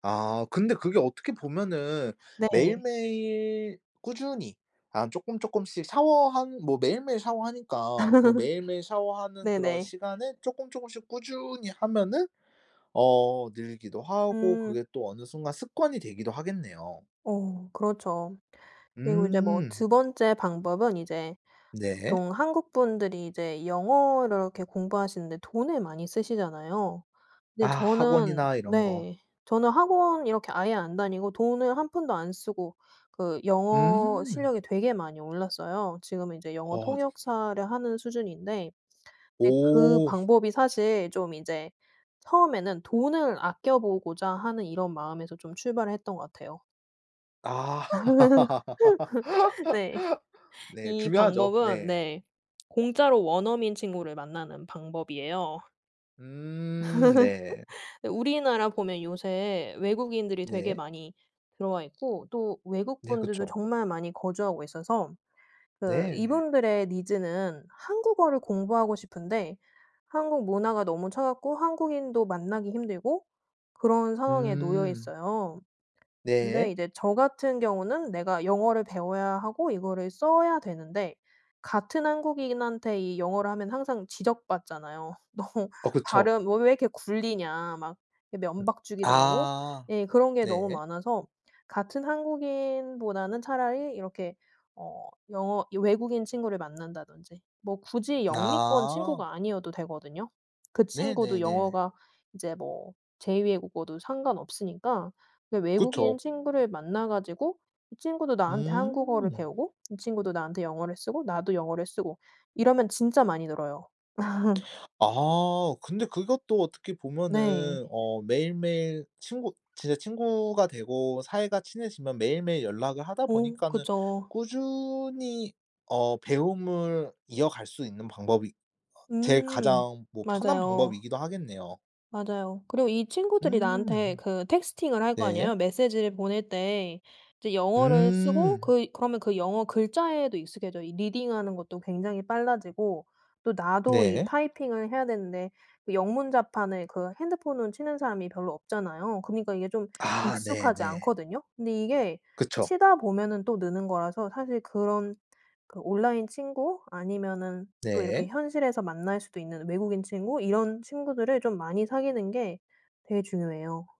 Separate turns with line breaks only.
아 근데 그게 어떻게 보면은
네.
매일매일 꾸준히 아 쪼끔쪼끔씩 샤워하는 뭐 매일매일 샤워하니까 그 매일매일 샤워하는 그런
네네.
시간에 쪼끔쪼끔씩 꾸준히 하면은 어 늘기도 하고 그게
음.
또 어느 순간 습관이 되기도 하겠네요.
어 그렇죠. 그리고 이제 뭐
음.
2 번째 방법은 이제
네.
보통 한국분들이 이제 영어를 이렇게 공부하시는데 돈을 많이 쓰시잖아요.
아
근데 저는
학원이나 이런 거.
네 저는 학원 이렇게 아예 안 다니고 돈을 한 푼도 안 쓰고 그 영어
음.
실력이 되게 많이 올랐어요. 지금은 이제 영어
어 되게
통역사를 하는 수준인데 네 그
오.
방법이 사실 좀 이제 처음에는 돈을 아껴보고자 하는 이런 마음에서 좀 출발을 했던 것 같아요.
아.
네.
네
이
중요하죠.
방법은
네.
네 공짜로 원어민 친구를 만나는 방법이에요.
음 네.
우리나라 보면 요새 외국인들이 되게
네.
많이 들어와 있고 또 외국
네
분들도
그쵸.
정말 많이 거주하고 있어서 그
네네.
이분들의 needs는 한국어를 공부하고 싶은데 한국 문화가 너무 차갑고 한국인도 만나기 힘들고 그런 상황에 놓여
음.
있어요. 근데
네.
이제 저 같은 경우는 내가 영어를 배워야 하고 이거를 써야 되는데 같은 한국인한테 이 영어를 하면 항상 지적받잖아요. "너
어 그쵸.
발음 왜 왜 이렇게 굴리냐." 막 이
음
면박 주기도 하고.
아.
예 그런 게 너무
네.
많아서 같은 한국인보다는 차라리 이렇게 어 영어 이 외국인 친구를 만난다든지 뭐 굳이 영미권
아.
친구가 아니어도 되거든요. 그 친구도
네네네.
영어가 이제 뭐 제 2 외국어도 상관없으니까 네 외국인
그쵸.
친구를 만나 가지고 이 친구도 나한테 한국어를
음.
배우고 이 친구도 나한테 영어를 쓰고 나도 영어를 쓰고 이러면 진짜 많이 늘어요.
아 근데 그것도 어떻게
네.
보면은 어 매일매일 친구 진짜 친구가 되고 사이가 친해지면 매일매일 연락을 하다
어
보니까는
그죠.
꾸준히 어 배움을 이어갈 수 있는 방법이 어 제일
음.
가장 뭐 편한
맞아요.
방법이기도 하겠네요.
맞아요. 그리고 이 친구들이 나한테
음.
그 texting을 할 거
네.
아니에요. 메시지를 보낼 때 이제 영어를 쓰고
음.
그 그러면 그 영어 글자에도 익숙해져요. 이 reading하는 것도 굉장히 빨라지고 또 나도
네.
typing을 해야 되는데 그 영문 자판을 그 핸드폰으로 치는 사람이 별로 없잖아요. 그니까 이게 좀
아
익숙하지
네네.
않거든요. 근데 이게
그쵸.
치다 보면은 또 느는 거라서 사실 그런 그 온라인 친구 아니면은 또 이렇게
네.
현실에서 만날 수도 있는 외국인 친구 이런 친구들을 좀 많이 사귀는 게 되게 중요해요.